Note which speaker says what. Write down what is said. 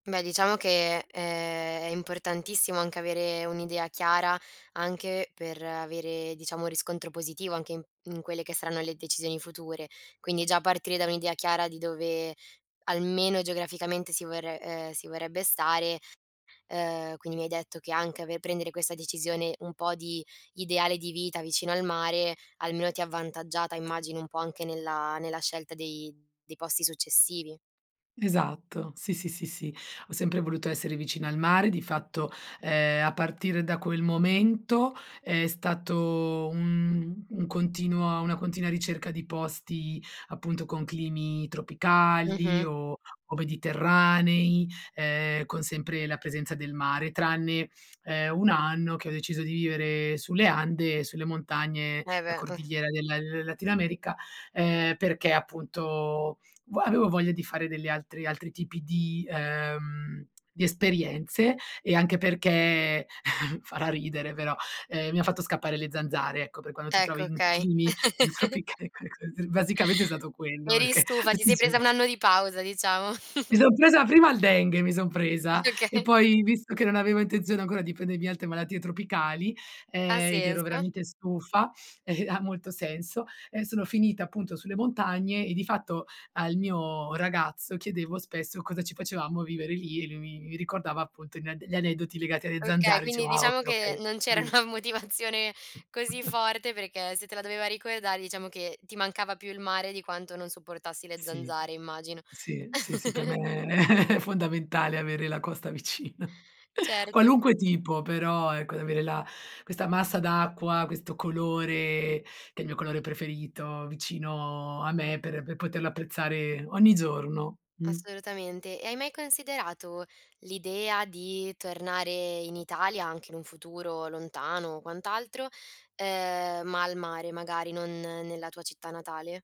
Speaker 1: Beh, diciamo che è è importantissimo anche avere un'idea chiara, anche per avere diciamo riscontro positivo anche in in quelle che saranno le decisioni future. Quindi già partire da un'idea chiara di dove almeno geograficamente si vorre ehm, si vorrebbe stare ehm, quindi mi hai detto che anche ave prendere questa decisione un po' di ideale di vita, vicino al mare, almeno ti ha avvantaggiata immagino un po' anche nella nella scelta dei dei posti successivi.
Speaker 2: Esatto, sì, sì, sì, sì, ho sempre voluto essere vicina al mare. Di fatto, ehm, a partire da quel momento è stato un un continuo una continua ricerca di posti appunto con climi tropicali
Speaker 1: Mh-mh.
Speaker 2: o o mediterranei, ehm, con sempre la presenza del mare, tranne, ehm, 1 anno che ho deciso di vivere sulle Ande e sulle montagne,
Speaker 1: Eh,
Speaker 2: la
Speaker 1: beh. [unintelligible]
Speaker 2: Cordigliera della Latin America, ehm, perché appunto vua avevo voglia di fare degli altri altri tipi di, ehm, di esperienze e anche perché farà ridere però, ehm, mi ha fatto scappare le zanzare, ecco, per quando ti
Speaker 1: Ecco,
Speaker 2: trovi in
Speaker 1: okay.
Speaker 2: climi tropicali [unintelligible] basicamente è stato quello
Speaker 1: Eri
Speaker 2: perché
Speaker 1: stufa, ti
Speaker 2: tutti i
Speaker 1: sei presa
Speaker 2: giorni
Speaker 1: 1 anno di pausa diciamo.
Speaker 2: Mi son presa prima il dengue, mi son presa e
Speaker 1: Okay.
Speaker 2: poi, visto che non avevo intenzione ancora di prendermi altre malattie tropicali,
Speaker 1: Ha
Speaker 2: ehm, ed ero
Speaker 1: senso.
Speaker 2: veramente stufa e ha molto senso, ehm, sono finita appunto sulle montagne e di fatto al mio ragazzo chiedevo spesso cosa ci facevamo a vivere lì e lui mi mi ricordava appunto gli ad gli aneddoti legati alle
Speaker 1: Okay,
Speaker 2: zanzare.
Speaker 1: quindi
Speaker 2: Diceva: "Ah okay,
Speaker 1: diciamo che
Speaker 2: okay,
Speaker 1: non c'era
Speaker 2: bene"
Speaker 1: una motivazione così forte, perché se te la doveva ricordare diciamo che ti mancava più il mare di quanto non sopportassi le
Speaker 2: Sì,
Speaker 1: zanzare immagino.
Speaker 2: sì, sì, sì per me è fondamentale avere la costa vicina.
Speaker 1: Certo.
Speaker 2: Qualunque tipo, però ecco, di avere la questa massa d'acqua, questo colore, che è il mio colore preferito, vicino a me per per poterlo apprezzare ogni giorno. Mh.
Speaker 1: Assolutamente. E hai mai considerato l'idea di tornare in Italia, anche in un futuro lontano o quant'altro, ehm, ma al mare magari, non nella tua città natale?